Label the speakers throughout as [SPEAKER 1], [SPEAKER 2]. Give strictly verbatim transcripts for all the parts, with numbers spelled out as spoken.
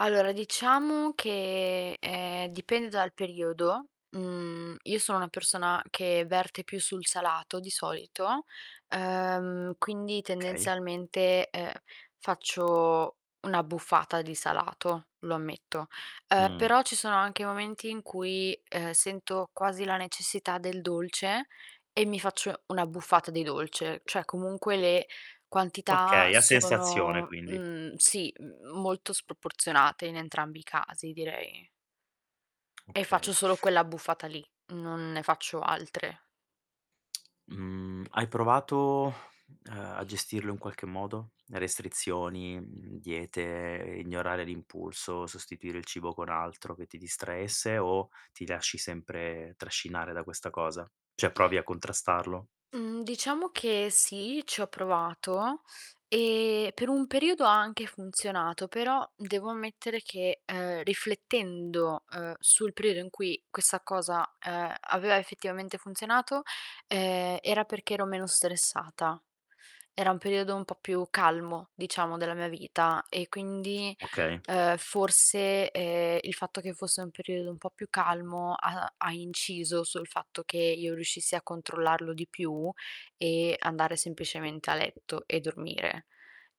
[SPEAKER 1] Allora diciamo che, ehm, dipende dal periodo, mhmm, io sono una persona che verte più sul salato di solito, ehm, quindi
[SPEAKER 2] kay.
[SPEAKER 1] tendenzialmente, ehm, faccio un'abbuffata di salato, lo ammetto. Uhm,
[SPEAKER 2] Mh.
[SPEAKER 1] però ci sono anche momenti in cui, uhm, sento quasi la necessità del dolce e mi faccio un'abbuffata di dolce, ceh, comunque le quantità
[SPEAKER 2] Okay, a sensazione
[SPEAKER 1] sono
[SPEAKER 2] quindi.
[SPEAKER 1] mhmm, sì m molto sproporzionate in entrambi i casi direi. E
[SPEAKER 2] Okay.
[SPEAKER 1] faccio solo quell'abbuffata lì, non ne faccio altre.
[SPEAKER 2] Mhmm, hai provato, uhm, a gestirlo in qualche modo? Restrizioni, mhmm, diete, ignorare l'impulso, sostituire il cibo con altro che ti distraesse o ti lasci sempre trascinare da questa cosa? ceh, provi a contrastarlo?
[SPEAKER 1] Mhmm, diciamo che sì, ci ho provato e per un periodo ha anche funzionato, però devo ammettere che, ehm, riflettendo, ehm, sul periodo in cui questa cosa, ehm, aveva effettivamente funzionato, ehm, era perché ero meno stressata. Era un periodo un po' più calmo, diciamo, della mia vita e quindi,
[SPEAKER 2] Okay.
[SPEAKER 1] ehm, forse, ehm, il fatto che fosse un periodo un po' più calmo ha ha inciso sul fatto che io riuscissi a controllarlo di più e andare semplicemente a letto e dormire.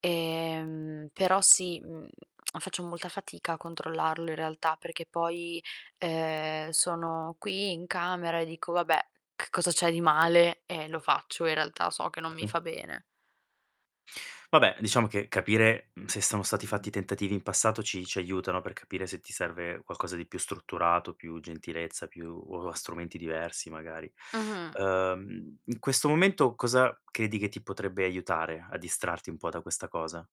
[SPEAKER 1] Ehm, però sì, mhmm, faccio molta fatica a controllarlo in realtà perché poi, ehm, sono qui in camera e dico: "Vabbè, che cosa c'è di male?" E lo faccio, in realtà so che non mi
[SPEAKER 2] Sì.
[SPEAKER 1] fa bene.
[SPEAKER 2] Vabbè, diciamo che capire, mhmm, se sono stati fatti tentativi in passato ci ci aiutano per capire se ti serve qualcosa di più strutturato, più gentilezza, più o a strumenti diversi magari.
[SPEAKER 1] Mh-mh.
[SPEAKER 2] Ehm, in questo momento cosa credi che ti potrebbe aiutare a distrarti un po' da questa cosa?